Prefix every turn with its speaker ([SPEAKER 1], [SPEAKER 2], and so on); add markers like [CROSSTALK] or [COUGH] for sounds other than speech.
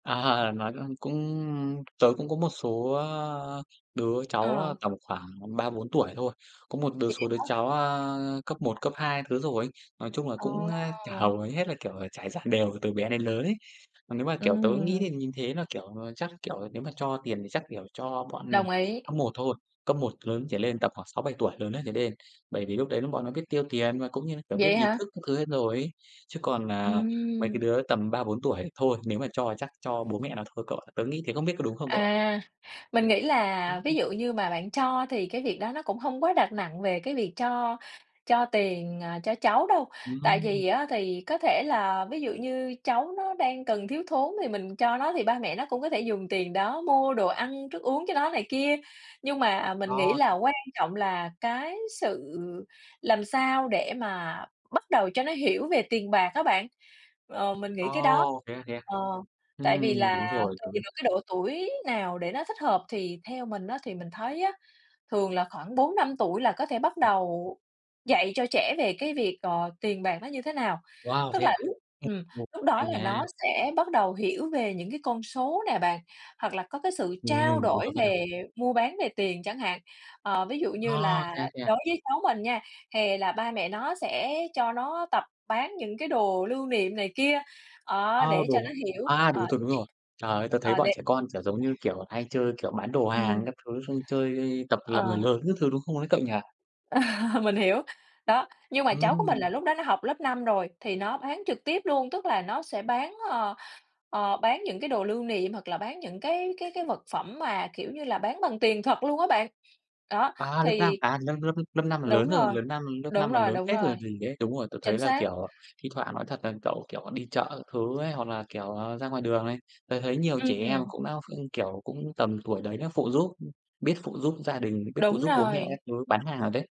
[SPEAKER 1] À, nói, ơ, cũng tớ cũng có một số, á, a, đứa cháu, a,
[SPEAKER 2] Ờ.
[SPEAKER 1] tầm khoảng 3-4 tuổi thôi. Có một đứa
[SPEAKER 2] Vậy
[SPEAKER 1] số đứa
[SPEAKER 2] á hả?
[SPEAKER 1] cháu, a, cấp 1, cấp 2 thứ rồi ấy. Nói chung là
[SPEAKER 2] Ờ.
[SPEAKER 1] cũng á [UNINTELLIGIBLE] hầu, ờ, hết là, kiểu, ờ, trải dàn đều từ bé đến lớn ấy. Còn nếu mà, kiểu,
[SPEAKER 2] Ừm
[SPEAKER 1] tớ nghĩ thì
[SPEAKER 2] hưm.
[SPEAKER 1] [UNINTELLIGIBLE] thế là, kiểu, à, chắc, kiểu, nếu mà cho tiền thì chắc, kiểu, cho bọn
[SPEAKER 2] Đồng ý.
[SPEAKER 1] cấp 1 thôi, cấp 1 lớn trở lên tầm khoảng 6-7 tuổi lớn ấy trở lên. Bởi vì lúc đấy lúc bọn nó biết tiêu tiền và cũng như là, kiểu, biết
[SPEAKER 2] Vậy
[SPEAKER 1] ý
[SPEAKER 2] hả?
[SPEAKER 1] thức các thứ hết rồi ấy. Chứ còn, à, mấy cái
[SPEAKER 2] Ừm.
[SPEAKER 1] đứa tầm 3-4 tuổi thì thôi, nếu mà cho thì chắc cho bố mẹ nó thôi cậu ạ. Tớ nghĩ thế không biết có đúng không cậu ạ?
[SPEAKER 2] À, mình nghĩ
[SPEAKER 1] Đúng
[SPEAKER 2] là ví
[SPEAKER 1] không?
[SPEAKER 2] dụ như mà bạn cho thì cái việc đó nó cũng hông quá đặt nặng về cái việc cho cho tiền, à, cho cháu đâu.
[SPEAKER 1] [UNINTELLIGIBLE]
[SPEAKER 2] Tại
[SPEAKER 1] Hừm.
[SPEAKER 2] vì á thì có thể là ví dụ như cháu nó đang cần, thiếu thốn thì mình cho nó, thì ba mẹ nó cũng có thể dùng tiền đó mua đồ ăn, thức uống cho nó này kia. Nhưng mà mình nghĩ
[SPEAKER 1] Ồ.
[SPEAKER 2] là quan trọng là cái sự làm sao để mà bắt đầu cho nó hiểu về tiền bạc á bạn, ờ, mình nghĩ cái đó
[SPEAKER 1] Ồ, thế à, thế à?
[SPEAKER 2] ờ, tại vì
[SPEAKER 1] Ừm,
[SPEAKER 2] là
[SPEAKER 1] đúng rồi,
[SPEAKER 2] tại vì
[SPEAKER 1] đúng.
[SPEAKER 2] được cái độ tuổi nào để nó thích hợp thì theo mình á thì mình thấy á, thường là khoảng 4-5 tuổi là có thể bắt
[SPEAKER 1] Ừm.
[SPEAKER 2] đầu dạy cho trẻ về cái việc, ờ, tiền bạc nó như thế nào.
[SPEAKER 1] Wow,
[SPEAKER 2] Tức
[SPEAKER 1] thế
[SPEAKER 2] là
[SPEAKER 1] à?
[SPEAKER 2] lúc ừm,
[SPEAKER 1] [UNINTELLIGIBLE]
[SPEAKER 2] lúc đó
[SPEAKER 1] Hay
[SPEAKER 2] là
[SPEAKER 1] nha.
[SPEAKER 2] nó sẽ bắt đầu hiểu về những cái con số nè bạn, hoặc là có cái sự trao
[SPEAKER 1] Ừm, đúng
[SPEAKER 2] đổi
[SPEAKER 1] rồi, bắt đầu.
[SPEAKER 2] về mua bán về tiền chẳng hạn. Ờ, ví dụ như
[SPEAKER 1] A,
[SPEAKER 2] là
[SPEAKER 1] thế à, thế à?
[SPEAKER 2] đối với cháu mình nha, hè là ba mẹ nó sẽ cho nó tập bán những cái đồ lưu niệm này kia, đó,
[SPEAKER 1] A,
[SPEAKER 2] để cho
[SPEAKER 1] đồ
[SPEAKER 2] nó
[SPEAKER 1] hả?
[SPEAKER 2] hiểu,
[SPEAKER 1] A, đồ
[SPEAKER 2] ờ,
[SPEAKER 1] thường
[SPEAKER 2] cái
[SPEAKER 1] đúng
[SPEAKER 2] chuyện
[SPEAKER 1] rồi. Trời ơi, tớ thấy
[SPEAKER 2] ờ,
[SPEAKER 1] bọn
[SPEAKER 2] để
[SPEAKER 1] trẻ con, kiểu, giống như, kiểu, à, hay chơi, kiểu, bán đồ hàng
[SPEAKER 2] Ừm.
[SPEAKER 1] các thứ xong chơi tập làm người
[SPEAKER 2] Ờ.
[SPEAKER 1] lớn các thứ, đúng không ấy cậu nhỉ?
[SPEAKER 2] [LAUGHS] Mình hiểu, đó, nhưng mà cháu của mình
[SPEAKER 1] Ừm.
[SPEAKER 2] là lúc đó nó học lớp 5 rồi thì nó bán trực tiếp luôn, tức là nó sẽ bán, ờ, ờ, bán những cái đồ lưu niệm, hoặc là bán những cái cái cái vật phẩm mà, kiểu như là, bán bằng tiền thật luôn á bạn. Đó,
[SPEAKER 1] À, lớp 5,
[SPEAKER 2] thì
[SPEAKER 1] à, lớp lớp lớp 5 là lớn
[SPEAKER 2] đúng
[SPEAKER 1] rồi,
[SPEAKER 2] rồi,
[SPEAKER 1] lớp năm lớp 5
[SPEAKER 2] đúng
[SPEAKER 1] là
[SPEAKER 2] rồi,
[SPEAKER 1] lớn
[SPEAKER 2] đúng
[SPEAKER 1] phết rồi
[SPEAKER 2] rồi.
[SPEAKER 1] còn gì đấy. Đúng rồi, tớ thấy
[SPEAKER 2] Chính
[SPEAKER 1] là,
[SPEAKER 2] xác.
[SPEAKER 1] kiểu, à, thi thoảng nói thật là cậu, kiểu, à, đi chợ các thứ ấy, hoặc là, kiểu, à, ra ngoài đường này, tớ thấy nhiều trẻ em
[SPEAKER 2] Ừm.
[SPEAKER 1] cũng đã ph kiểu, cũng tầm tuổi đấy nó phụ giúp, ưm, biết phụ giúp gia đình, biết phụ
[SPEAKER 2] Đúng
[SPEAKER 1] giúp bố mẹ các
[SPEAKER 2] rồi.
[SPEAKER 1] thứ bán hàng rồi đấy.